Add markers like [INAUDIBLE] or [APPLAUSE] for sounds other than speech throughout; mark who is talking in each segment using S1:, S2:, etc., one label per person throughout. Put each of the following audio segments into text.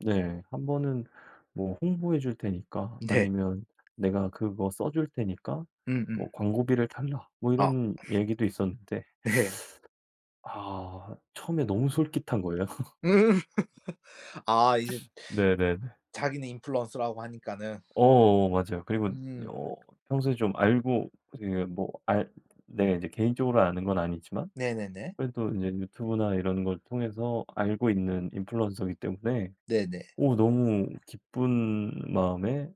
S1: 네. 한번은 뭐 홍보해 줄 테니까
S2: 네.
S1: 아니면 내가 그거 써 줄 테니까
S2: 음 음.
S1: 뭐 광고비를 달라 뭐
S2: 어.
S1: 이런 얘기도 있었는데.
S2: 네.
S1: [SUCKS TEETH] 아 처음에 너무 솔깃한 거예요.
S2: 음.
S1: [LAUGHS]
S2: [LAUGHS] 아 이제
S1: 네네네.
S2: 자기는 인플루언서라고 하니까는.
S1: 어어. 맞아요. 그리고
S2: 음.
S1: 어 평소에 좀 알고 지금 뭐 알 네. 이제 개인적으로 아는 건 아니지만
S2: 네네네.
S1: 그래도 인제 유튜브나 이런 걸 통해서 알고 있는 인플루언서기 때문에
S2: 네네.
S1: 오 너무 기쁜 마음에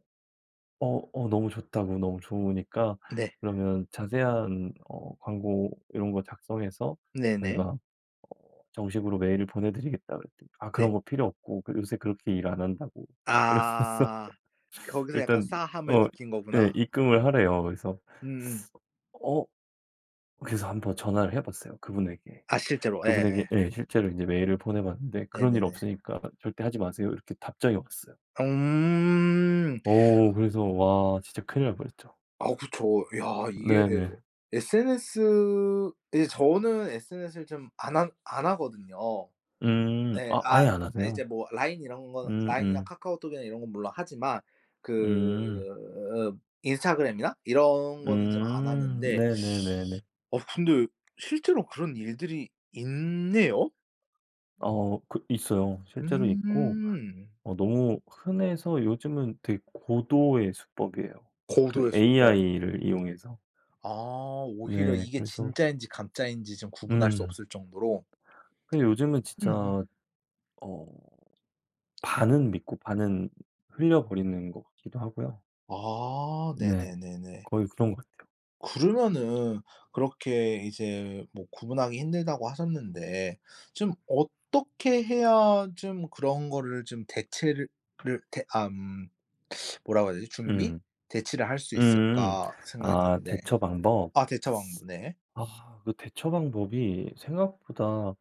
S1: 어 어 너무 좋다고 "너무 좋으니까
S2: 네.
S1: 그러면 자세한 어 광고 이런 거 작성해서 저희가
S2: 네네.
S1: 어 정식으로 메일을 보내 드리겠다."고 그랬더니 "아 그런
S2: 네.
S1: 거 필요 없고 그 요새 그렇게 일 안 한다."고 이러면서
S2: 아. 거기서 약간
S1: 일단
S2: 싸함을
S1: 어.
S2: 느낀
S1: 예.
S2: 거구나.
S1: 입금을 하래요. 그래서
S2: 음음.
S1: [SUCKS TEETH] 어? 그래서 한번 전화를 해 봤어요 그분에게,
S2: 아. 실제로.
S1: 그분에게
S2: 예예.
S1: 예. 실제로 이제 메일을 보내 봤는데 "그런 일
S2: 네네네.
S1: 없으니까 절대 하지 마세요." 이렇게 답장이 왔어요.
S2: 어음.
S1: 어. 그래서 와 진짜 큰일 날 뻔했죠.
S2: 아우. 그쵸. 야. 이게 예.
S1: 네네.
S2: SNS 이제 저는 SNS를 좀 안 하 안 하거든요.
S1: 음.
S2: 예.
S1: 아 아예
S2: 아.
S1: 안
S2: 이제
S1: 하세요?
S2: 뭐 라인 이런 건
S1: 음
S2: 라인이나
S1: 음.
S2: 카카오톡이나 이런 건 물론 하지만
S1: 음.
S2: 그 인스타그램이나 이런 거는 좀 안
S1: 음.
S2: 하는데
S1: 네네네네.
S2: [SUCKS TEETH] 어 근데 실제로 그런 일들이 있네요?
S1: 아. 어 그 있어요. 실제로 있고
S2: 음.
S1: 어 너무 흔해서 요즘은 되게 고도의 수법이에요 그
S2: 고도의 수법.
S1: AI를 이용해서.
S2: 아. 오히려
S1: 네.
S2: 이게
S1: 그래서
S2: 진짜인지 가짜인지 좀 구분할 수
S1: 음.
S2: 없을 정도로. 음음.
S1: 근데 요즘은 진짜
S2: 음음.
S1: 어 반은 믿고 반은 흘려버리는 것 같기도 하고요.
S2: 아.
S1: 네.
S2: 네네네네.
S1: 거의 그런 것 같아요.
S2: 그러면은 그렇게 이제 뭐 구분하기 힘들다고 하셨는데 좀 어떻게 해야 좀 그런 거를 좀 대체를 ...를 대 암 뭐라고 해야 되지 준비?
S1: 음.
S2: '대체를 할 수
S1: 음.
S2: 있을까.' 생각이
S1: 아
S2: 드는데.
S1: 대처 방법,
S2: 아 대처 방법. 네.
S1: 아 그 대처 방법이 생각보다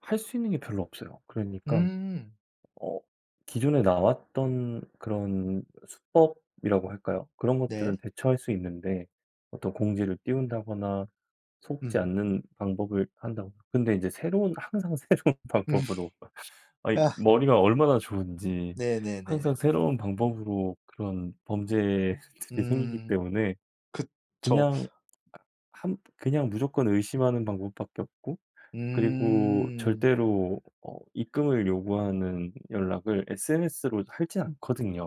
S1: 할 수 있는 게 별로 없어요. 그러니깐
S2: 음.
S1: 어 기존에 나왔던 그런 수법이라고 할까요, 그런 것들은
S2: 네.
S1: 대처할 수 있는데 어떤 공지를 띄운다거나 속지
S2: 음.
S1: 않는 방법을 한다거나 근데 이제 새로운 항상 새로운 방법으로
S2: [LAUGHS]
S1: 아이
S2: 아.
S1: 머리가 얼마나 좋은지
S2: 네네네.
S1: 항상 새로운 방법으로 그런 범죄들이 생기기
S2: 음.
S1: 때문에
S2: 그쵸.
S1: 그냥 아 한 그냥 무조건 의심하는 방법밖에 없고 그리고
S2: 음.
S1: 절대로 어 입금을 요구하는 연락을 SNS로 하지 않거든요.